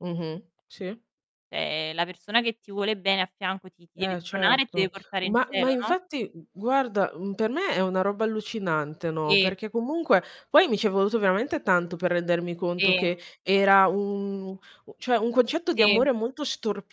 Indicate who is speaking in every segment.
Speaker 1: Mh-mh. Sì.
Speaker 2: Ehm, la persona che ti vuole bene a fianco ti ti deve
Speaker 1: Eh,
Speaker 2: spronare e ti deve
Speaker 1: certo.
Speaker 2: portare in
Speaker 1: Ma ma
Speaker 2: cielo, no?
Speaker 1: infatti g guarda, mhmm, per me è una roba allucinante, no,
Speaker 2: Sì.
Speaker 1: perché comunque poi mi ci è voluto veramente tanto per rendermi conto
Speaker 2: Sì.
Speaker 1: che era un un cioè, un concetto di
Speaker 2: Ti
Speaker 1: amore molto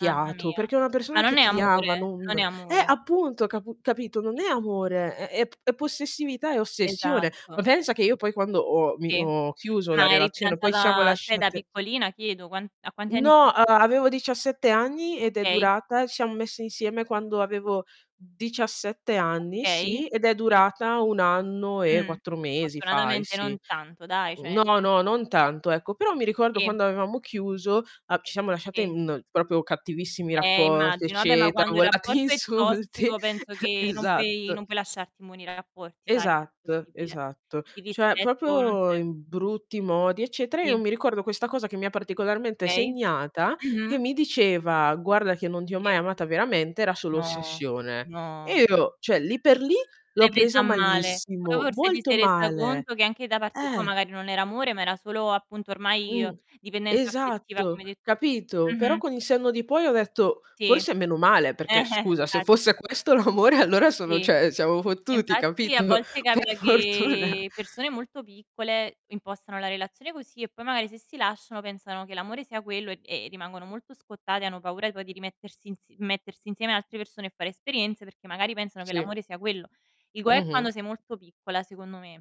Speaker 2: mamma mia.
Speaker 1: perché una
Speaker 2: Ma
Speaker 1: persona
Speaker 2: non
Speaker 1: che
Speaker 2: è
Speaker 1: ti ama
Speaker 2: amore
Speaker 1: non
Speaker 2: non è
Speaker 1: eh,
Speaker 2: amore.
Speaker 1: appunto, capu capito, non
Speaker 2: Sì,
Speaker 1: è
Speaker 2: sì, sì, sì.
Speaker 1: amore, è è p è possessività, è ossessione. Ma
Speaker 2: Esatto.
Speaker 1: pensa che io poi quando ho, mi
Speaker 2: Sì.
Speaker 1: ho chiuso la
Speaker 2: Ma eri
Speaker 1: relazione, poi ci siamo
Speaker 2: fidanzata sai da
Speaker 1: lasciate
Speaker 2: piccolina chiedo, quan a quanti anni s
Speaker 1: No, a avevo 17 anni ed è
Speaker 2: Okay.
Speaker 1: durata ci siamo messe insieme quando avevo 17 anni,
Speaker 2: Okay.
Speaker 1: sì, ed è
Speaker 2: Sì.
Speaker 1: durata 1 anno e
Speaker 2: Mh,
Speaker 1: 4 mesi fai
Speaker 2: fortunatamente non
Speaker 1: sì.
Speaker 2: tanto dai, cioè nel
Speaker 1: No, no,
Speaker 2: sen
Speaker 1: no, non tanto, ecco. Però mi ricordo
Speaker 2: Sì.
Speaker 1: quando avevamo chiuso, a ci siamo lasciate
Speaker 2: Sì.
Speaker 1: in, proprio, cattivissimi
Speaker 2: Eh,
Speaker 1: rapporti
Speaker 2: immagino. Vabbè, ma
Speaker 1: eccetera,
Speaker 2: quando il
Speaker 1: volati
Speaker 2: rapporto è
Speaker 1: insulti
Speaker 2: tossico penso che non puoi
Speaker 1: Esatto.
Speaker 2: non puoi lasciarti immuni dai rapporti, sai,
Speaker 1: Esatto,
Speaker 2: impossibile.
Speaker 1: esatto.
Speaker 2: Il
Speaker 1: Cioè
Speaker 2: rispetto non
Speaker 1: proprio
Speaker 2: c'è.
Speaker 1: in brutti modi, eccetera. Io
Speaker 2: Sì.
Speaker 1: mi ricordo questa cosa che mi ha particolarmente
Speaker 2: Okay.
Speaker 1: segnata, che
Speaker 2: Mh-mh.
Speaker 1: mi diceva: "Guarda che non ti ho
Speaker 2: Sì.
Speaker 1: mai amata veramente, era solo
Speaker 2: No,
Speaker 1: ossessione".
Speaker 2: no.
Speaker 1: E io cioè lì per lì l'ho
Speaker 2: L'hai presa a
Speaker 1: presa
Speaker 2: male. Poi
Speaker 1: malissimo,
Speaker 2: forse ti
Speaker 1: molto
Speaker 2: sei resa
Speaker 1: male.
Speaker 2: conto che anche da parte tua
Speaker 1: Eh.
Speaker 2: magari non era amore, ma era solo appunto ormai
Speaker 1: Mh.
Speaker 2: dipendenza affettiva,
Speaker 1: Esatto,
Speaker 2: come hai detto tu.
Speaker 1: capito? Però
Speaker 2: Mh-mh.
Speaker 1: con il senno di poi ho detto:
Speaker 2: Ti.
Speaker 1: "Forse meno male." Perché scusa, se
Speaker 2: [unintelligible]
Speaker 1: fosse questo l'amore allora sono
Speaker 2: Sì,
Speaker 1: cioè siamo fottuti,
Speaker 2: infatti
Speaker 1: capit
Speaker 2: a
Speaker 1: no
Speaker 2: volte
Speaker 1: per
Speaker 2: capita
Speaker 1: fortuna
Speaker 2: che persone molto piccole impostano la relazione così e poi magari se si lasciano pensano che l'amore sia quello e, ehm, rimangono molto scottate, hanno paura poi di rimettersi ins mettersi insieme ad altre persone e fare esperienze, perché magari pensano che
Speaker 1: Sì.
Speaker 2: l'amore sia quello. Il guaio è
Speaker 1: Mh-mh.
Speaker 2: quando sei molto piccola, secondo me.